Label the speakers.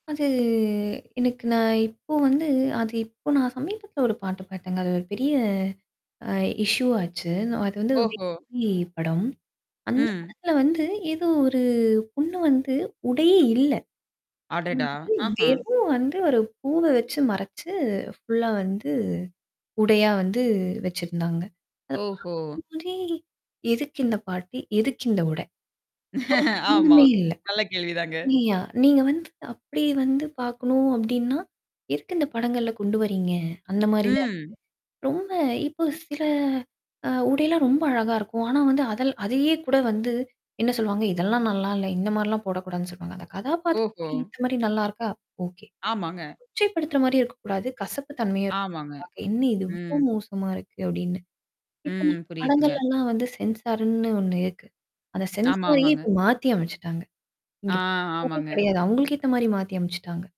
Speaker 1: அது எனக்கு நான் இப்போ வந்து அது இப்போ நான் சமீபத்தில ஒரு பாட்டு பாத்தேங்க. அது ஒரு பெரிய அ இஷ்யூ ஆச்சு. நான் அது வந்து
Speaker 2: ஓஹோ!
Speaker 1: [unintelligible] படம். அந்த
Speaker 2: ம்.
Speaker 1: படத்துல வந்து ஏதோ ஒரு பொண்ணு வந்து உடையே இல்ல.
Speaker 2: அடடா!
Speaker 1: அதாவது
Speaker 2: ஆஹா!
Speaker 1: வெறும் வந்து ஒரு பூவ வச்சு மறச்சு ஃபுல்லா வந்து, உடையா வந்து வச்சிருந்தாங்க. அத
Speaker 2: ஓஹோ!
Speaker 1: பாக்கும்போதே எதுக்கு இந்த பாட்டு? எதுக்கு இந்த உடை? ஒரு
Speaker 2: ஆமா.
Speaker 1: சம்மந்தமே இல்ல.
Speaker 2: நல்ல கேள்வி தாங்க.
Speaker 1: நீயா நீங்க வந்து அப்பிடி வந்து பார்க்கணும் அப்பிடின்னா, எதுக்கு இந்த படங்கள்ல கொண்டு வர்றீங்க? அந்தமாரி தான் இருக்கு.
Speaker 2: ம்.
Speaker 1: ரொம்ப இப்போ சில அ உடையெல்லாம் ரொம்ப அழகா இருக்கும். ஆனா வந்து அதல் அதையே கூட வந்து என்ன சொல்லுவாங்க? இதெல்லாம் நல்லா இல்ல. இந்த மாரிலாம் போடக்கூடாதுன்னு சொல்லுவாங்க. அந்த
Speaker 2: ஓஹோ!
Speaker 1: கதாபாத்திரத்துக்கு ஏத்தமாரி நல்லா இருக்கா? ஓகே.
Speaker 2: ஆமாங்க.
Speaker 1: கொச்சைப்படுத்துற மாரியும் இருக்கக்கூடாது. கசப்பு தன்மையா
Speaker 2: ஆமாங்க.
Speaker 1: இருக்கக்கூடாது பாக்க, என்ன இது இவ்ளோ
Speaker 2: ம்.
Speaker 1: மோசமா இருக்கு! அப்பிடின்னு. இப்ப
Speaker 2: ம்.
Speaker 1: நம்ம
Speaker 2: புரியுதுங்க.
Speaker 1: படங்கள்லல்லாம் வந்து சென்சார்ன்னு ஒண்ணு இருக்கு. அத
Speaker 2: ஆமா,
Speaker 1: சென்சாரயே
Speaker 2: ஆமாங்க.
Speaker 1: இப்ப மாத்தி அமச்சுட்டாங்க.
Speaker 2: ஆ,
Speaker 1: [unintelligible]
Speaker 2: ஆமாங்க.
Speaker 1: கிடையாது. அவங்களுக்கு ஏத்தமாரி மாத்தி அமச்சுட்டாங்க.